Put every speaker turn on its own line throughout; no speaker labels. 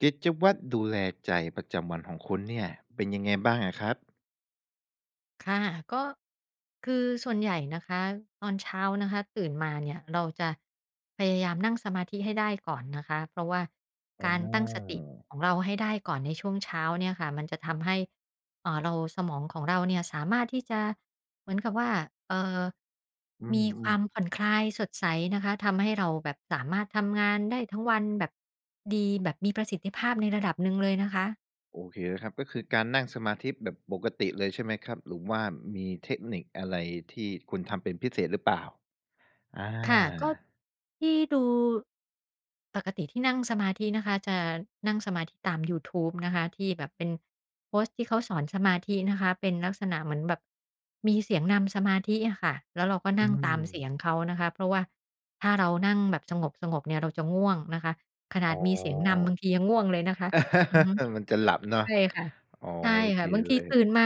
กิจวัตรดูแลใจประจำวันของคุณเนี่ย เป็นยังไงบ้างอะครับ?
ค่ะ ก็ คือส่วนใหญ่นะคะ ตอนเช้านะคะตื่นมาเนี่ย เราจะพยายามนั่งสมาธิให้ได้ก่อนนะคะ เพราะว่า
อ๋
ก
อ
ารตั้งสติของเราให้ได้ก่อนในช่วงเช้าเนี่ยค่ะ มันจะทำให้ อ่า เรา สมองของเราเนี่ยสามารถที่จะเหมือนกับว่า เอ่อ
อื
มีคว
ม
า
ๆ
มผ่อนคลาย สดใสนะคะ ทำให้เราแบบสามารถทำงานได้ทั้งวันแบบดี แบบมีประสิทธิภาพในระดับหนึ่งเลยนะคะ
โอเคนะครับ ก็คือการนั่งสมาธิแบบปกติเลยใช่ไหมครับ? หรือว่ามีเทคนิคอะไรที่คุณทำเป็นพิเศษหรือเปล่า? อา
ค่ะ ก็ที่ดู ปกติที่นั่งสมาธินะคะ จะนั่งสมาธิตามยูทูบนะคะ ที่แบบเป็นโพสต์ที่เขาสอนสมาธินะคะ เป็นลักษณะเหมือนแบบมีเสียงนำสมาธิอะค่ะ แล้วเราก็
อ
น
ื
ั่งตามเสี
ม
ยงเขานะคะ เพราะว่าถ้าเรานั่งแบบสงบ ๆ เนี่ย เราจะง่วงนะคะ ขน
อ
าด
๋อ
มีเสียงนำบางทียังง่วงเลยนะคะ อือฮึ
มันจะหลับเนาะ
ใช่ค่ะ
อ๋อ
ใช่
โอ
ค
เค
่ะ บาง
เ
ท
ล
ี
ย
ตื่นมา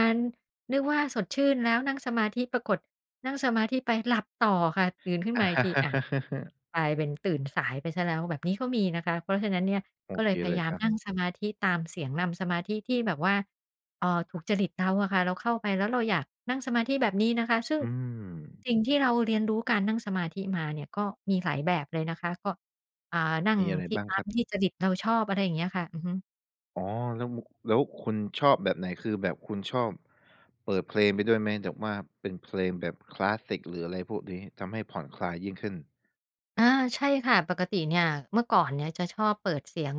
นึกว่าสดชื่นแล้ว นั่งสมาธิปรากฏ นั่งสมาธิไปหลับต่อค่ะ ตื่นขึ้นมาอีกที อะ กลายเป็นตื่นสายไปเสียแล้ว แบบนี้ก็มีนะคะ เพราะฉะนั้นเนี่ย
โอ
ก็เล
เค
ยพ
เ
ย
ล
า
ย
ยา
ค
ม
รับ
นั่งสมาธิตามเสียงนำสมาธิ ที่แบบว่า เอ่อ ถูกจริตเราอะค่ะ เราเข้าไปแล้วเราอยากนั่งสมาธิแบบนี้นะคะ ซึ่ง
อืม
สิ่งที่เราเรียนรู้การนั่งสมาธิมาเนี่ย ก็มีหลายแบบเลยนะคะ ก็ อ่า นั่
ม
ง
ีอะไร
ที
บ
่
้าง
ต
ค
า
ร
ม
ับ?
ที่จริตเราชอบ อะไรอย่างเงี้ยค่ะ อือฮึ
อ๋อ แล้ว แล้วคุณชอบแบบไหน? คือแบบคุณชอบ เปิดเพลงไปด้วยไหม? แบบว่าเป็นเพลงแบบคลาสสิก หรืออะไรพวกนี้ ทำให้ผ่อนคลายยิ่งขึ้น
อา ใช่ค่ะ ปกติเนี่ย เมื่อก่อนเนี่ยจะชอบเปิดเสียง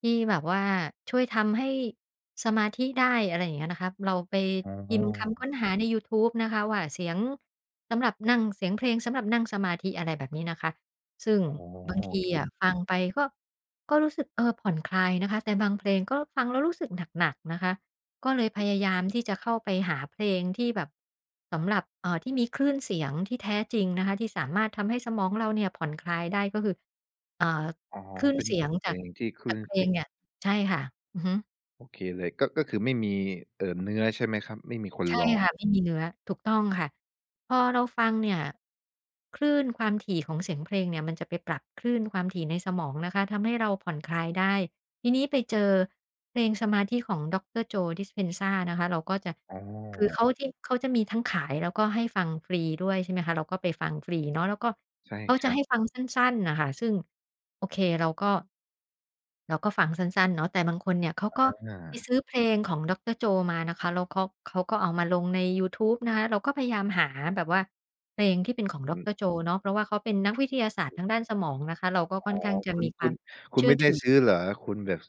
ที่แบบว่าช่วยทำให้สมาธิได้ อะไรอย่างเงี้ยนะคะ เราไป
อ๋
พิมพ์คำค
อ
้นหาในยูทูบนะคะว่า เสียงสำหรับนั่ง เสียงเพลงสำหรับนั่งสมาธิ อะไรแบบนี้นะคะ ซึ่ง
อ๋อ
บาง
โ
ท
อ
ี
เค
อะ ฟังไปก็ ก็รู้สึก เออ ผ่อนคลายนะคะ แต่บางเพลงก็ฟังแล้วรู้สึกหนัก ๆ นะคะ ก็เลยพยายามที่จะเข้าไปหาเพลงที่แบบ สำหรับ เอ่อ ที่มีคลื่นเสียงที่แท้จริงนะคะ ที่สามารถทำให้สมองเราเนี่ยผ่อนคลายได้ ก็คือ เอ่อ
อ๋อ
คลื่น
เป็
เ
น
สียง
เพ
จา
ล
ก
งที่คล
จ
ื่
าก
น
เพล
เสียง
งเนี่ย ใช่ค่ะ อือฮึ
โอเคเลย ก็ ก็คือไม่มี เอ่อ เนื้อใช่ไหมครับ? ไม่มีคน
ใช่
ร้อ
ค
ง?
่ะ ไม่มีเนื้อ ถูกต้องค่ะ พอเราฟังเนี่ย คลื่นความถี่ของเสียงเพลงเนี่ย มันจะไปปรับคลื่นความถี่ในสมองนะคะ ทำให้เราผ่อนคลายได้ ทีนี้ไปเจอเพลงสมาธิของ Dr.Jo Dispenza นะคะ เราก็จะ
อ๋อ
คือเขาที่ เขาจะมีทั้งขาย แล้วก็ให้ฟังฟรีด้วย ใช่ไหมคะ เราก็ไปฟังฟรีเนาะ แล้วก็
ใช่
เขา
ค
จะ
รั
ใ
บ
ห้ฟังสั้น ๆ น่ะค่ะ ซึ่งโอเคเราก็ เราก็ฟังสั้น ๆ เนาะ แต่บางคนเนี่ย เขาก็
อ
ไป
า
ซื้อเพลงของ Dr.Jo มานะคะ แล้วเขา เขาก็เอามาลงในยูทูบนะคะ เราก็พยายามหาแบบว่า เพลงที่เป็นของ
อือ
Dr.Jo เนาะ เพราะว่าเขาเป็นนักวิทยาศาสตร์ทางด้านสมองนะคะ เราก็
อ
ค่
๋
อ
อ
นข้างจะ
คุ
ม
ณ
ีค
ค
ว
ุ
าม
ณ คุ
เช
ณ
ื่
ไม
อ
่ได
ถ
้
ือ
ซื้อเหรอ? คุณแบบ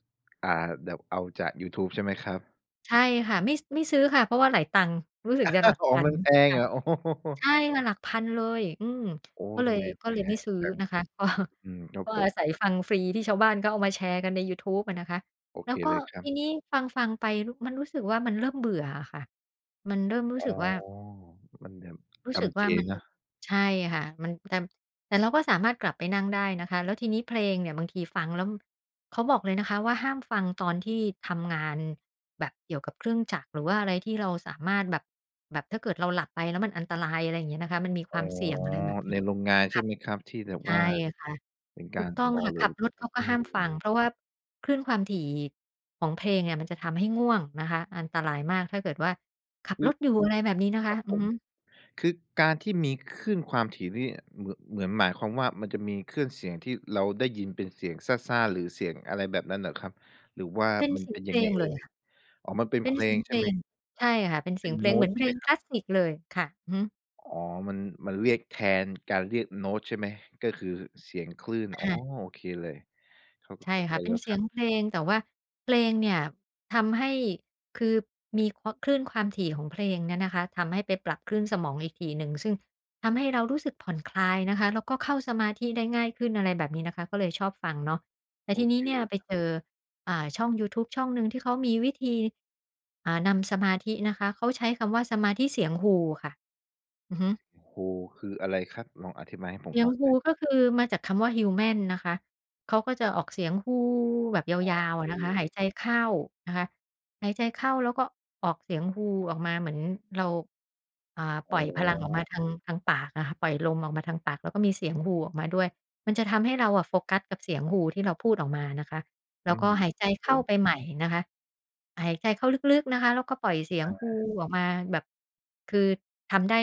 อ่า แบบเอาจากยูทูบใช่ไหมครับ?
ใช่ค่ะ ไม่ ไม่ซื้อค่ะ เพราะว่าหลายตังค์ รู้สึกจะหลัก
ข
พ
อง
ั
ม
น
ันแพง
ค่ะ
เหรอ? โอ้โ
ใช
ฮ
่ค่ะ หลักพันเลย อืม
โอ้
ก็เล
ทำ
ย
ไม
ก็
แพ
เลยไม่
ง
ซื้อ
จัง
นะคะ ก็
อืม ครับ
ก็
ผ
อ
ม
าศัยฟังฟรี ที่ชาวบ้านก็เอามาแชร์กันในยูทูบอะนะคะ
โอ
แล้
เค
วก็
เลยครั
ท
บ
ีนี้ฟัง ๆ ไป รุ มันรู้สึกว่า มันเริ่มเบื่ออะค่ะ มันเริ่มรู้
อ๋อ
สึกว่า
มันแบบ
รู
จ
้สึก
ำ
ว
เ
่
จ
ามัน
เนาะ
ใช่ค่ะ มัน แต่ แต่เราก็สามารถกลับไปนั่งได้นะคะ แล้วทีนี้เพลงเนี่ยบางทีฟังแล้ว เขาบอกเลยนะคะว่า ห้ามฟังตอนที่ทำงานแบบเกี่ยวกับเครื่องจักร หรือว่าอะไรที่เราสามารถแบบ แบบถ้าเกิดเราหลับไป แล้วมันอันตราย อะไรอย่างเงี้ยนะคะ มันมีค
อ๋
ว
อ
ามเสี่ยง อะไรแบบนี
ใ
้
นโรงงานใช
ค
่
่ะ
ไหมครับ? ที่แบบ
ใช
ว่า
่ค่ะ
เป็นก
ถ
า
ูก
ร
ต
ท
้อง
อ
ค่ะ
เล
ขั
ย
บรถเขาก็
อื
ห้ามฟั
ม
ง เพราะว่าคลื่นความถี่ของเพลงเนี่ย มันจะทำให้ง่วงนะคะ อันตรายมากถ้าเกิดว่าขับ
อ
รถอยู่ อะไรแบบนี้นะค
คร
ะ
ับ
อื
ผ
อ
ม
ฮึ
คือการที่มีคลื่นความถี่นี่ เหมือน เหมือนหมายความว่า มันจะมีคลื่นเสียง ที่เราได้ยินเป็นเสียงซ่า ๆ หรือเสียงอะไรแบบนั้นเหรอครับ? หรือว่า
เป็น
มัน
เสี
เ
ย
ป
ง
็น
เ
ย
พ
ั
ล
งไง
ง
เอ
เ
่
ลย
ย?
ค่ะ
อ๋อ มันเป็น
เป
เพ
็น
ล
เสีย
ง
ง
ใ
เ
ช
พ
่
ล
ไหม?
ง ใช่ค่ะ เป็นเ
เ
สี
ป็
ย
น
งเพ
โ
ล
น
ง
้
เหมื
ต
อน
ใช
เพ
่
ล
ไหม
ง
คร
ค
ั
ล
บ?
าสสิกเลยค่ะ อือฮึ
อ๋อ มัน มันเรียกแทนการเรียกโน้ตใช่ไหม ก็คือเสียงคลื่น อ๋อ
อา
โอเคเลย เข้า
ใช่ค
ใ
่
จ
ะ เป็
แล้
น
ว
เส
ค
ี
รับ
ยงเพลง แต่ว่าเพลงเนี่ย ทำให้ คือมี ค คลื่นความถี่ของเพลงเนี่ยนะคะ ทำให้ไปปรับคลื่นสมองอีกทีหนึ่ง ซึ่งทำให้เรารู้สึกผ่อนคลายนะคะ แล้วก็เข้าสมาธิได้ง่ายขึ้น อะไรแบบนี้นะคะ ก็เลยชอบฟังเนาะ แต่
โอ
ทีน
เค
ี้เนี่
เล
ย
ย
ไป
ครับ
เจอ อ่า ช่องยูทูบช่องหนึ่ง ที่เขามีวิธี อ่า นำสมาธินะคะ เขาใช้คำว่า "สมาธิเสียงฮู" ค่ะ อือฮึ
โอ้โฮ คืออะไรครับ ลองอธิบายให้ผ
"เส
ม
ีย
ฟ
ง
ัง
ฮ
เล
ู"
ย?
ก็คือมาจากคำว่า "Human" นะคะ เขาก็จะออกเสียงฮูแบบย
อ๋อ
าว ๆ อ
ค
ะ
ื
นะคะ
อ
หายใจเข้านะคะ หายใจเข้าแล้วก็ออกเสียงฮูออกมา เหมือนเรา อ่า
อ
ป
๋
ล่อยพลังออกมา
อ
ทาง ทางปากน่ะค่ะ ปล่อยลมออกมาทางปาก แล้วก็มีเสียงฮูออกมาด้วย มันจะทำให้เราอะโฟกัสกับเสียงฮู ที่เราพูดออกมานะคะ แล
อื
้วก็
ม
หายใจ
ครับ
เ
ผ
ข้า
ม
ไปใหม่นะคะ หายใจเข้าลึก ๆ นะคะ แล้วก็ปล่อยเสีย
อ
ง
า
ฮูออกมา แบบ คือทำได้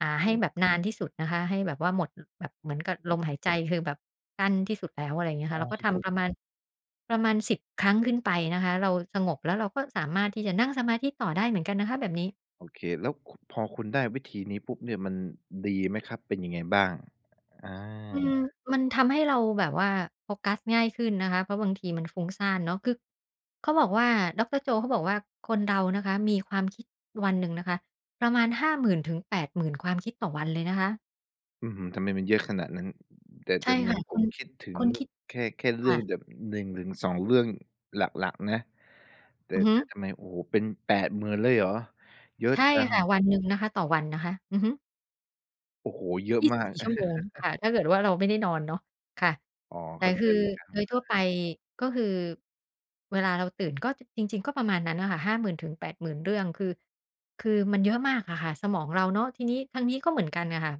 อ่า ให
อ
้
ืม
แบบนานที่สุดนะคะ ให้แบบว่าหมด ล แบบ เหมือนกับลมหายใจ คือแบบสั้นที่สุดแล้ว อะไรอย่างเงี้ยค
ห
่ะ
้
เร
า
าก็
สิ
ท
บห
ำ
ก
ประมาณ ประมาณ 10 ครั้งขึ้นไปนะคะ เราสงบแล้ว เราก็สามารถที่จะนั่งสมาธิต่อได้เหมือนกันนะคะ แบบนี้
โอเค แล้ว ค พอคุณได้วิธีนี้ปุ๊บเนี่ย มันดีไหมครับ? เป็นยังไงบ้าง? อ
อืม
า
มันทำให้เราแบบว่า โฟกัสง่ายขึ้นนะคะ เพราะบางทีมันฟุ้งซ่านเนาะ คือเขาบอกว่า ดอกเตอร์โจ เขาบอกว่า "คนเรานะคะ มีความคิดวันหนึ่งนะคะ ประมาณห้าหมื่นถึงแปดหมื่นความคิดต่อวันเลยนะคะ"
อื้อฮือ ทำไมมันเยอะขนาดนั้น แต่
ใช
แต
่
่เหม
ค
ื
่
อน
ะ
ผ
ค
ม
น
คิดถึ
ค
ง
นคิด
แค่ แค่เ
ค
รื่
่
อง
ะ
แบบ 1-2 เรื่องหลัก ๆ นะ แต่
อือฮึ
แต่ทำไม โอ้โฮ เป็น 80,000 เลยเหรอ? เยอะ
ใช่
จัง
ค่ะ วันหนึ่งนะคะ ต่อวันนะคะ อือฮึ
โอ้โฮ เยอะ
ยี่
ม
สิบ
าก
สี่ ชั่วโมง ค่ะ ถ้าเกิดว่า เราไม่ได้นอนเนาะ ค่ะ
อ๋อ
แต
เข
่
้าใ
ค
จ
ือ
เลยครับ
โดยทั่ว
อ
ไป
า
ก็คือ เวลาเราตื่นก็ จ จริง ๆ ก็ประมาณนั้นน่ะค่ะ 50,000-80,000 เรื่อง คือ คือมันเยอะมากอะค่ะ สมองเราเนาะ ทีนี้ทางนี้ก็เหมือนกันอะค่ะ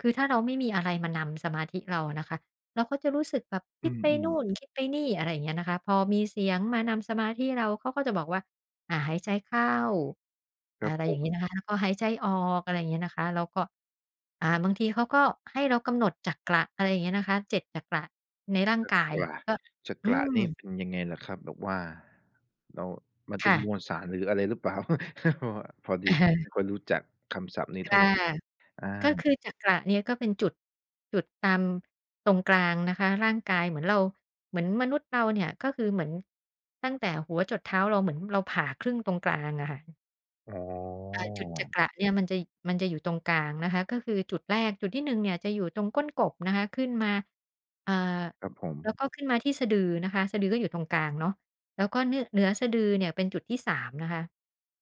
คือถ้าเราไม่มีอะไรมานำสมาธิเราอะนะคะ เราก็จะรู้สึกแบบค
อื
ิดไปน
ม
ู
ๆ
่น คิดไปนี่ อะไรเงี้ยนะคะ พอมีเสียงมานำสมาธิเรา เขาก็จะบอกว่า อ่า หายใจเข้า
ค
อ
รั
ะ
บ
ไร
ผ
อย่างงี้
ม
นะคะ แล้วก็หายใจออก อะไรเงี้ยนะคะ แล้วก็ อ่า บางทีเขาก็ให้เรากำหนดจักระ อะไรอย่างเงี้ยนะคะ 7 จักระในร่าง
จัก
กาย
ระ
ก็
จั
อื
กระนี่
ม
เป็นยังไงเหรอครับ? แบบว่า เรา มันเ
ค
ป็
่
นม
ะ
วลสาร หรืออะไร หรือเปล่า? พอด
อ
ี
ะ
ผ
ฮ
ม
ะ
ไม่ค่อยรู้จักคำศัพท์นี้
ค
เท่า
่ะ
ไร อา
ก็คือจักระเนี่ย ก็เป็นจุด จุดตามตรงกลางนะคะ ร่างกาย เหมือนเรา เหมือนมนุษย์เราเนี่ย ก็คือเหมือน ตั้งแต่หัวจรดเท้าเรา เหมือนเราผ่าครึ่งตรงกลางอะค่ะ
อ๋อ
อา จุดจักระเนี่ย มันจะ ย มันจะอยู่ตรงกลางนะคะ ก็คือจุดแรก จุดที่ 1 เนี่ยจะอยู่ตรงก้นกบนะคะ ขึ้นมา อ่า
ครับผ
แล้ว
ม
ก็ขึ้นมาที่สะดือนะคะ สะดือก็อยู่ตรงกลางเนาะ แล้วก็นึ่ เหนือสะดือเนี่ยเป็นจุดที่ 3 นะคะ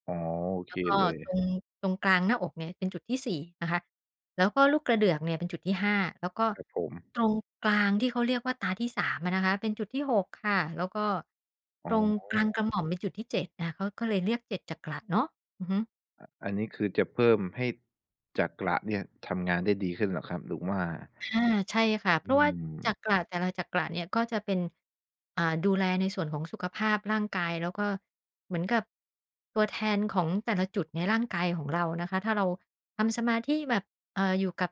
อ๋อ โอ
แ
เค
ล้วก็
เล
ต
ย
รง ตรงกลางหน้าอกเนี่ย เป็นจุดที่ 4 นะคะ แล้วก็ลูกกระเดือกเนี่ยเป็นจุดที่ 5 แล้วก็
ครับผม
ตรงกลางที่เขาเรียกว่า ตาที่สามอะนะคะ เป็นจุดที่ 6 ค่ะ แล้วก็
อ๋
ตรง
อ
กลางกระหม่อมเป็นจุดที่ 7 นะคะ เขาก็เลยเรียก 7 จักระเนาะ อือฮึ
อะ อันนี้คือจะเพิ่มให้จักระเนี่ยทำงานได้ดีขึ้นเหรอครับ หรือว่า
อา ใช่ค่ะ เพ
อื
ราะว่าจ
ม
ักระแต่ละจักระเนี่ย ก็จะเป็น อ่า ดูแลในส่วนของสุขภาพร่างกาย แล้วก็ เหมือนกับ ตัวแทนของแต่ละจุดในร่างกายของเรานะคะ ถ้าเราทำสมาธิแบบ เอ่อ อยู่กับ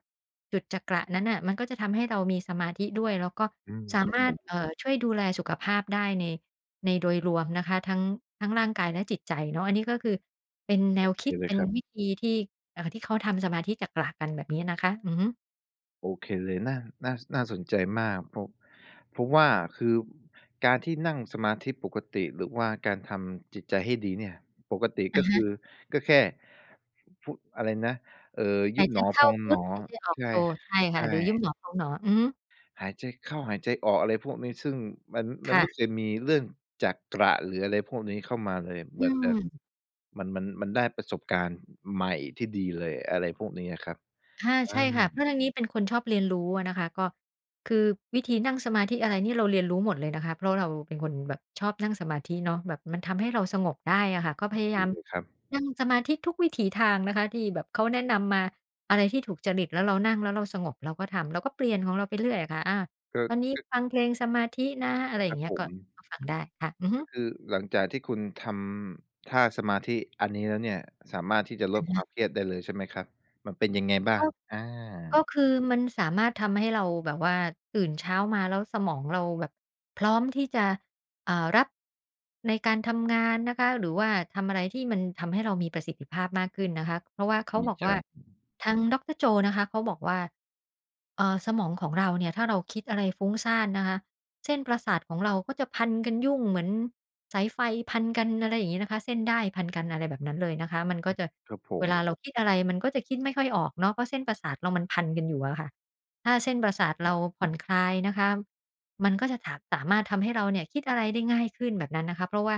จุดจักระนั้นน่ะ มันก็จะทำให้เรามีสมาธิด้วย แล้วก็
อืม
สา
ครั
ม
บ
า
ผ
รถ
ม
เอ่อ ช่วยดูแลสุขภาพได้ใน ในโดยรวมนะคะ ทั้ง ทั้งร่างกายและจิตใจเนาะ อันนี้ก็คือเป็นแน
โอ
ว
เค
คิด
เล
เป
ย
็น
ครับ
วิธีที่ เอ่อ ที่เขาทำสมาธิจักระกัน แบบนี้นะคะ อือฮึ
โอเคเลย น่า น่า ส น่าสนใจมาก เพราะ เพราะว่า คือการที่นั่งสมาธิปกติ หรือว่าการทำจิตใจให้ดีเนี่ย ปกติ
อ
ก
ะ
็
ฮ
ค
ะ
ือ ก็แค่ พุ อะไรนะ เอ่อ ย
ห
ุ
า
บ
ยใจ
หนอ
เข
พ
้า
อง
พ
ห
ุ
น
ทธ
อ
หายใจออก
ใช
โ
่
ธ ใช่
ใ
ค
ช
่ะ
่
หรือยุบหนอพองหนอ อือฮึ
หายใจเข้า หายใจออก อะไรพวกนี้ ซึ่งมัน
ค
มัน
่
ไม
ะ
่เคยมีเรื่องจักระ หรืออะไรพวกนี้เข้ามาเลย
อ
แ
ื
บบ แบบ
ม
มัน มัน มันได้ประสบการณ์ใหม่ที่ดีเลย อะไรพวกนี้อะครับ
ค่ะ
อ
ใช่ค่ะ เพร
า
าะทางนี้เป็นคนชอบเรียนรู้อะนะคะ ก็ คือวิธีนั่งสมาธิอะไรนี่เราเรียนรู้หมดเลยนะคะ เพราะเราเป็นคนแบบชอบนั่งสมาธิเนาะ แบบมันทำให้เราสงบได้อะค่ะ ก็
โอ
พย
เ
า
ค
ยาม
เลยครับ
นั่งสมาธิทุกวิถีทางนะคะที่แบบเขาแนะนำมา อะไรที่ถูกจริต แล้วเรานั่งแล้วเราสงบ เราก็ทำ เราก็เปลี่ยนของเราไปเรื่อยอะค่ะ อา
ก็
ตอนนี้
ก็
ฟังเพลงสมาธินะ อะไรอ
ค
ย่
ร
า
ั
ง
บ
เงี้
ผ
ย ก็
ม
ก็ฟังได้ค่ะ อือฮ
ก็
ึ
คือหลังจากที่คุณทำท่าสมาธิอันนี้แล้วเนี่ย สามารถที่จะ
อ
ลด
ะฮ
คว
ะ
ามเครียดได้เลยใช่ไหมครับ? มันเป็นยังไงบ้า
ก็
ง? อ
ก็
า
คือมันสามารถทำให้เราแบบว่าตื่นเช้ามาแล้วสมองเราแบบพร้อมที่จะ อ่า รับ ในการทำงานนะคะ หรือว่าทำอะไรที่มันทำให้เรามีประสิทธิภาพมากขึ้นนะคะ เพราะว่าเข
ด
า
ี
บอก
จ
ว่
ั
า
ง
ทางดอกเตอร์โจนะคะเขาบอกว่า เอ่อ สมองของเราเนี่ยถ้าเราคิดอะไรฟุ้งซ่านนะคะ เส้นประสาทของเราก็จะพันกันยุ่งเหมือนสายไฟพันกัน อะไรอย่างงี้นะคะ เส้นด้ายพันกัน อะไรแบบนั้นเลยนะคะ มันก็จะ
ครับผ
เว
ม
ลาเราคิดอะไรมันก็จะคิดไม่ค่อยออกเนาะ เพราะเส้นประสาทเรามันพันกันอยู่อะค่ะ ถ้าเส้นประสาท
อื
เร
อ
าผ่อนคลายนะคะ มันก็จะถา สามารถทำให้เราเนี่ยคิดอะไรได้ง่ายขึ้น แบบนั้นนะคะ เพราะว่า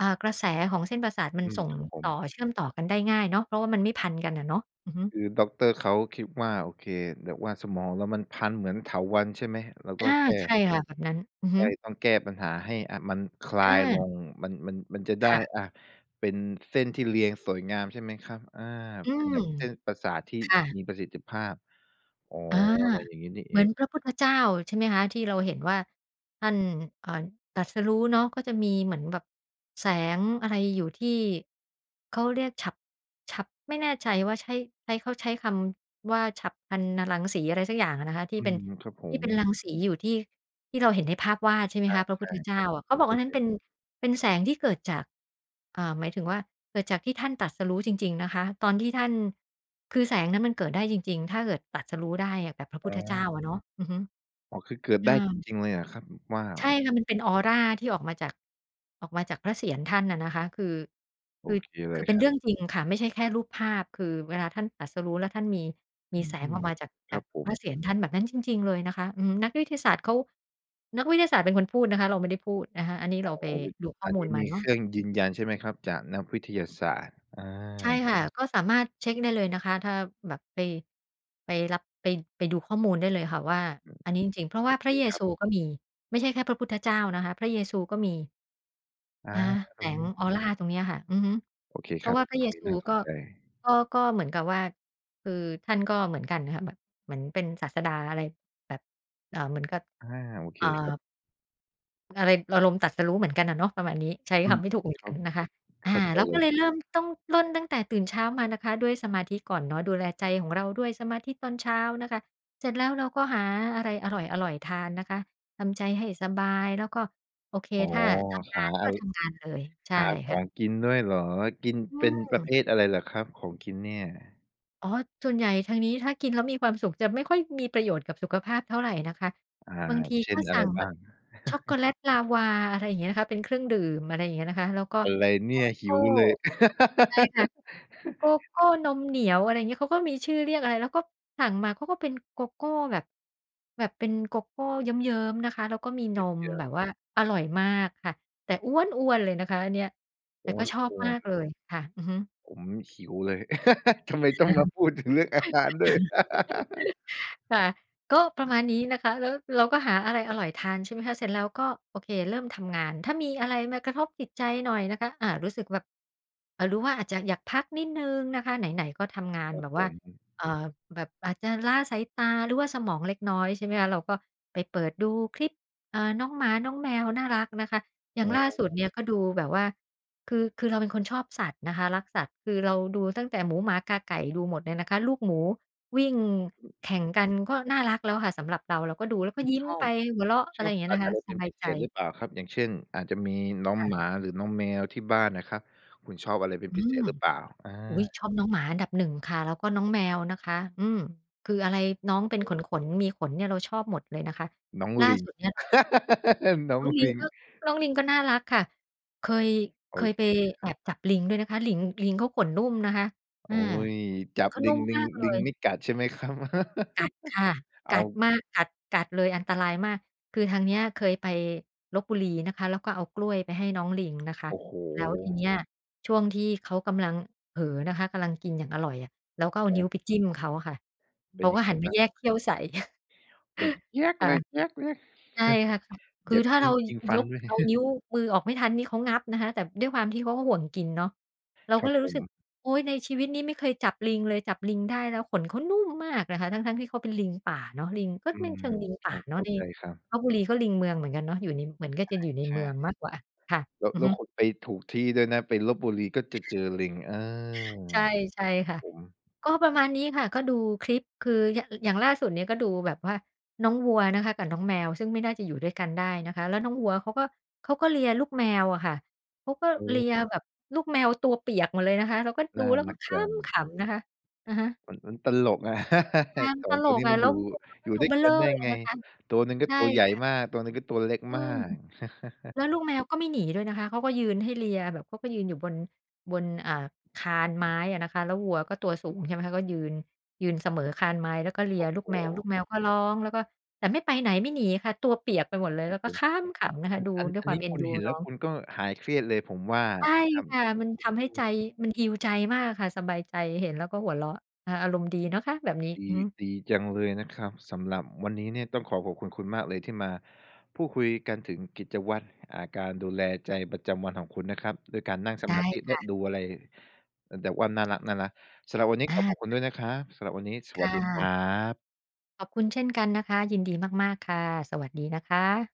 อ่า กระแสของเส้นประสาทมั
อ
น
ืม
ส่ง
ครับผ
ต่อ
ม
เชื่อมต่อกันได้ง่ายเนาะ เพราะว่ามันไม่พันกันอะเนาะ อือฮึ
คือดอกเตอร์ เขาคิดว่า โอเค แบบว่าสมองเรามันพันเหมือนเถาวัลย์ใช่ไหม? เราก
อ
็
า
แค่
ใช่ค่ะ แบบนั้น อือฮ
ใช
ึ
่ ต้องแก้ปัญหาให้ อะ มันคลา
อ
ยล
า
ง มัน มัน มันจะได
ค
้
่ะ
อะ เป็นเส้นที่เรียงสวยงามใช่ไหมครับ? อา
อื
เป็น
ม
แบบเส้นประสาทที่
ค่ะ
มีประสิทธิภาพ อ๋อ
อา
อะไรอย่างงี้นี่เ
เ
อ
หมือ
ง
นพระพุทธเจ้า ใช่ไหมคะ ที่เราเห็นว่า ท่าน เอ่อ ตรัสรู้เนาะ ก็จะมีเหมือนแบบแสงอะไรอยู่ที่ เขาเรียกฉัพ ฉัพ ไม่แน่ใจว่าใช้ ใช้ เขาใช้คำว่า ฉัพพรรณรังสี อะไรสักอย่างอะนะคะ ที
อ
่
ื
เป็น
ม ครับผ
ที่
ม
เป็นรังสีอยู่ที่ ที่เราเห็นในภาพวาด ใช่ไหมคะ พระ
ใ
พ
ช
ุท
่
ธเจ
ๆ ผ
้า
ม
อะ เข
ผ
า
ม
บอ
เ
ก
ค
อั
ย
นนั
เ
้
ห
น
็
เ
น
ป็น เป็นแสงที่เกิดจาก อ่า หมายถึงว่า เกิดจากที่ท่านตรัสรู้จริง ๆ นะคะ ตอนที่ท่าน คือแสงนั้นมันเกิดได้จริง ๆ ถ้าเกิดตรัสรู้ได้อะ แบบพระพ
อ๋
ุทธเจ้า
อ
อะเนาะ อือฮึ
อ๋อ คือเกิด
อ
ไ
ื
ด้
ม
จริง ๆ เลยหรอครับ? ว้า
ใ
ว
ช่ค่ะ มันเป็นออราที่ออกมาจาก ออกมาจากพระเศียรท่านน่ะนะคะ คือ
โ
ค
อ
ือ
เคเ
ค
ล
ือ
ย
เป็
ค
น
ร
เ
ั
ร
บ
ื่องจริงค่ะ ไม่ใช่แค่รูปภาพ คือเวลาท่านตรัสรู้แล้วท่านมี ม
อ
ี
ื
แสงออ
ม
กมาจาก
ค
จ
ร
า
ั
ก
บผ
พระ
ม
เศียรท่านแบบนั้นจริง ๆ เลยนะคะ อืม นักวิทยาศาสตร์เขา นักวิทยาศาสตร์เป็นคนพูดนะคะ เราไม่ได้พูดนะคะ อันนี้
อ
เ
๋
ร
อ
าไปดูข้
อ
อ
ัน
มู
นี
ล
้
มา
มี
เน
เ
า
ค
ะ
รื่องยืนยันใช่ไหมครับ? จากนักวิทยาศาสตร์ อ
ใช่
า
ค่ะ ก็สามารถเช็กได้เลยนะคะ ถ้าแบบไป ไปรับ ไป ไปดูข้อมูลได้เลยค่ะว่า
อืม
อันนี้จริง ๆ เพราะ
โ
ว
อ
่า
เค
พระเย
ครั
ซ
บ
ูก็มี ไม่ใช่แค่พระพุทธเจ้านะคะ พระเยซูก็มี
อา
อา แ
ต
ส
รง
ง
นี้
ออราตรงเนี้ยค่ะ อือฮึ
โอเค
เพ
ค
รา
รั
ะ
บ
ว่าพระ
ตร
เย
งนี้
ซู
น่าส
ก
น
็
ใจ
ก็ ก็เหมือนกับว่า คือท่านก็เหมือนกันนะคะ เหมือน เหมือนเป็นศาสดา อะไรแบบ เอ่อ เหมือนกับ
อา โอเค
อ่า
ครับ
อะไร อารมณ์ตรัสรู้เหมือนกันน่ะเนาะ ประมาณนี้ ใช้
อื
ค
ม
ำไม่ถูกเหมือน
คร
กั
ั
น
บ
นะคะ อ
เ
า
ข้าใจ
เรา
เล
ก็
ย
เลย
ครับ
เริ่ม ต้องเริ่มตั้งแต่ตื่นเช้ามานะคะ ด้วยสมาธิก่อนเนาะ ดูแลใจของเราด้วยสมาธิตอนเช้านะคะ เสร็จแล้วเราก็หาอะไรอร่อย ๆ ทานนะคะ ทำใจให้สบาย แล้วก็ โอเค
อ๋อ
ถ้าทำง
หา
านก
อ
็
า ร
ทำงานเลย ใช่
หาข
ค
อ
่ะ
งกินด้วยเหรอ? กิน
อื
เป็นประเ
ม
ภทอะไรเหรอครับ ของกินเนี่ย?
อ๋อ ส่วนใหญ่ทางนี้ถ้ากินแล้วมีความสุข จะไม่ค่อยมีประโยชน์กับสุขภาพเท่าไรนะคะ
อ่า
บางที
เช
ก
่
็
นอ
ส
ะ
ั
ไร
่งแ
บ
บ
้า
บ
ง?
ช็อกโกแลตลาวา อะไรอย่างเงี้ยค่ะ เป็นเครื่องดื่ม อะไรอย่างเงี้ยนะคะ แล้วก็
อะไร
โก
เนี่ย ห
โก
ิ
้
วเลย
ใช่ค่ะ โกโก้นมเหนียว อะไรเงี้ย เขาก็มีชื่อเรียกอะไร แล้วก็สั่งมาเขาก็เป็นโกโก้แบบ แบบเป็นโกโก้เยิ้ม ๆ นะคะ แล้วก็มี
เ
นม
ยิ้
แบ
ม ๆ
บว่าอร่อยมากค่ะ แต่อ๊วนอ้วนเลยนะคะ อันเนี้ย แต
โ
่
อ๊
ก็
ย ล
ชอบ
กลั
ม
ว
ากเลยค่ะ อือฮึ
ผมหิวเลย ทำไมต้องมาพูดถึงเรื่องอาหารด้วย?
ค่ะ ก็ประมาณนี้นะคะ แล้วเราก็หาอะไรอร่อยทาน ใช่ไหมคะ เสร็จแล้วก็ โอเค เริ่มทำงาน ถ้ามีอะไรมากระทบจิตใจหน่อยนะคะ อา รู้สึกแบบ อ่า หรือว่าอาจจะอยากพักนิดหนึ่งนะคะ ไหน ๆ ก็ทำงาน
ครั
แบ
บ
บ
ผ
ว่า
ม
เอ่อ แบบอาจจะล้าสายตาหรือว่าสมองเล็กน้อย ใช่ไหมคะ เราก็ไปเปิดดูคลิป อ่า น้องหมาน้องแมวน่ารักนะคะ อย่
อ
า
๋
งล่าสุด
อ
เนี่ย ก็ดูแบบว่า คือ คือเราเป็นคนชอบสัตว์นะคะ รักสัตว์ คือเราดูตั้งแต่หมูหมากาไก่ ดูหมดเนี่ยนะคะ ลูกหมูวิ่ง
อือ
แข่งกันก็น่ารักแล้วค่ะสำหรับเรา เราก็ดูแล้วก
ค
็
ุณ
ยิ้
ช
ม
อ
ไป
บ
หัวเราะ อ
ช
ะไร
อ
อ
บ
ย่างเงี
ส
้ย
ั
น
ต
ะ
ว์
ค
อ
ะ
ะไร
ส
เป็น
บา
พ
ย
ิเ
ใจ
ศษหรือเปล่าครับ? อย่างเช่น อาจจะมีน้อง
ค่ะ
หมา หรือน้องแมวที่บ้านน่ะครับ คุณชอบอะไรเป็
อ
น
ื
พิเศ
ม
ษหรือเปล่า? อา
อุ๊ย ชอบน้องหมาอันดับ 1 ค่ะ แล้วก็น้องแมวนะคะ อืม คืออะไรน้
โอ
อง
้
เป็
โ
นข
ฮ
น ๆ มีขนเนี่ย เราชอบหมดเลยนะคะ
น้อง
ล่า
ลิง
สุดเนี่ยเรา
น้อ
น้
ง
องลิ
ล
ง
ิง
ก็ น้องลิงก็น่ารักค่ะ เคย
โ
เ
อ
คย
เ
ไป
คเลยค
แ
ร
อ
ับ
บจับลิงด้วยนะคะ ลิง ลิงเขาขนนุ่มนะคะ อ
โอ
า
๊ย
ข
จ
น
ับ
เขา
ล
น
ิ
ุ่
ง
ม
ลิ
ม
ง
ากเล
ลิง
ย
ไม่กัดใช่ไหมครับ?
กัดค่ะ
อ้
ก
า
ั
ว
ดมาก กัด กัดเลย อันตรายมาก คือทางเนี้ย เคยไปลพบุรีนะคะ แล้วก็เอากล้วยไปให้น้องลิงนะคะ
โอ้โฮ
แล้วทีเนี้ย ช่วงที่เขากำลังเผลอนะคะ กำลังกินอย่างอร่อยอะ เราก็เอา
ค
นิ้
รับ
วไปจิ้มเขาอะค่ะ
เป
เข
็น
า
ย
ก็
ังไง
หันม
บ้
า
าง?
แยกเขี้ยวใส่
แบบ เจี๊ยก
ค
เล
่ะ
ย เจี๊ยกเลย
ใช่ค่ะ อ ค
แหย
ือ
บ
ถ้า
ย
เ
ิ
ร
๊
า
ง
ย
ยิงฟั
ย
น
ก
ด้วย
เอานิ้วมือออกไม่ทันนี่ เขางับนะคะ แต่ด้วยความที่เขาก็ห่วงกินเนาะ เรา
คร
ก
ั
็
บ
เลย
ผ
รู้สึก
ม
โอ๊ย ในชีวิตนี้ไม่เคยจับลิงเลย จับลิงได้แล้วขนเขานุ่มมากนะคะ ทั้ง ๆ ที่เขาเป็นลิงป่าเนาะ ลิง ก็
อื
ไม่
ม
เชิงลิง
เข
ป่
้า
าเน
เ
า
ข
ะ
้า
ใน
ใจครับ
ลพบุรีเขาลิงเมืองเหมือนกันเนาะ อยู่ใน เหมือนก็
อ
จะ
า
อยู่ใน
ใช
เมือง
่
มากกว่าค่ะ
แล้ว
อื
แ
อ
ล้
ฮ
ว
ึ
คุณไปถูกที่ด้วยนะ ไปลพบุรีก็จะเจอลิง อา
ใช่
ค
ใช่
รั
ค
บ
่ะ
ผม
ก็ประมาณนี้ค่ะ ก็ดูคลิป คือ ย อ อย่างล่าสุดเนี่ย ก็ดูแบบว่าน้องวัวนะคะกับน้องแมว ซึ่งไม่น่าจะอยู่ด้วยกันได้นะคะ แล้วน้องวัวเขาก็ เขาก็เลียลูกแมวอะค่ะ เขาก็
โอ้
เ
โ
ลี
ฮ
ยแบบลูกแมวตัวเปียกหมดเลยนะคะ เราก็
น
ดู
่า
แล้วก
ร
็
ัก
ค
จ
้
ั
ำ
ง
ขำนะคะ อะฮะ
มัน มันตลกอะ
อา มั
ส
น
อ
ต
ง
ล
ตัว
ก
นี้
อะ
มัน
แล้
อย
ว
ู่
วัวก
อ
็
ยู่
ตั
ด
ว
้ว
เ
ย
บ้อเ
ก
ร
ั
่
น
อ
ได้
เลย
ไง?
นะคะ
ตัวหนึ่งก็
ใช่
ตัวใหญ่
ค่ะ
มาก ตัวหนึ่งก็ตัวเล็ก
อื
มา
ม
ก
แล้วลูกแมวก็ไม่หนีด้วยนะคะ เค้าก็ยืนให้เลียแบบเขาก็ยืนอยู่บน บน อ่า คานไม้อะนะคะ แล้ววัวก็ตัวสูง ใช่ไหมคะ ก็ยืน ยืนเสมอคานไม้ แล้วก็เลี
โอ
ย
้
ลู
โ
ก
ฮ
แมว ลูกแมวก็ร้อง แล้วก็ แต่ไม่ไปไหน ไม่หนีค่ะ ตัวเปียกไปหมดเลย
คร
แ
ั
ล้
บ
วก็
ผม
ค้ำขำนะ
อ
ค
ั
ะ
น
ดู
อัน
ด้ว
อ
ย
ัน
คว
น
า
ี
ม
้
เอ็
ค
น
ุณ
ดู
เห็นแล
น้
้
อ
ว
ง
คุณก็หายเครียดเลย ผมว่า
ใช่
นะครับ
ค่ะ
อ
มันท
ื
ำให้ใจ
อ
มัน heal ใจมากค่ะ สบายใจ เห็นแล้วก็หัวเราะ อา อารมณ์ดีเนาะคะแบบนี้
ดี
อือฮึ
ดีจังเลยนะครับ สำหรับวันนี้เนี่ย ต้องขอขอบคุณคุณมากเลย ที่มาพูดคุยกันถึงกิจวัตร อ่า การดูแลใจประจำวันของคุณนะครับ ด้วยการนั่งส
ได
มา
้
ธิ แ
ค
ละ
่ะ
ดูอะไร เอ่อ แบบว่าน่ารัก ๆ สำหรับวันนี้
อา
ขอขอบคุ
ค
ณ
่ะ
ด้วยนะครับ สำหรับวันนี้ส
ค
วั
่
สดีคร
ะ
ับ
ขอบคุณเช่นกันนะคะ ยินดีมาก ๆ ค่ะ สวัสดีนะคะ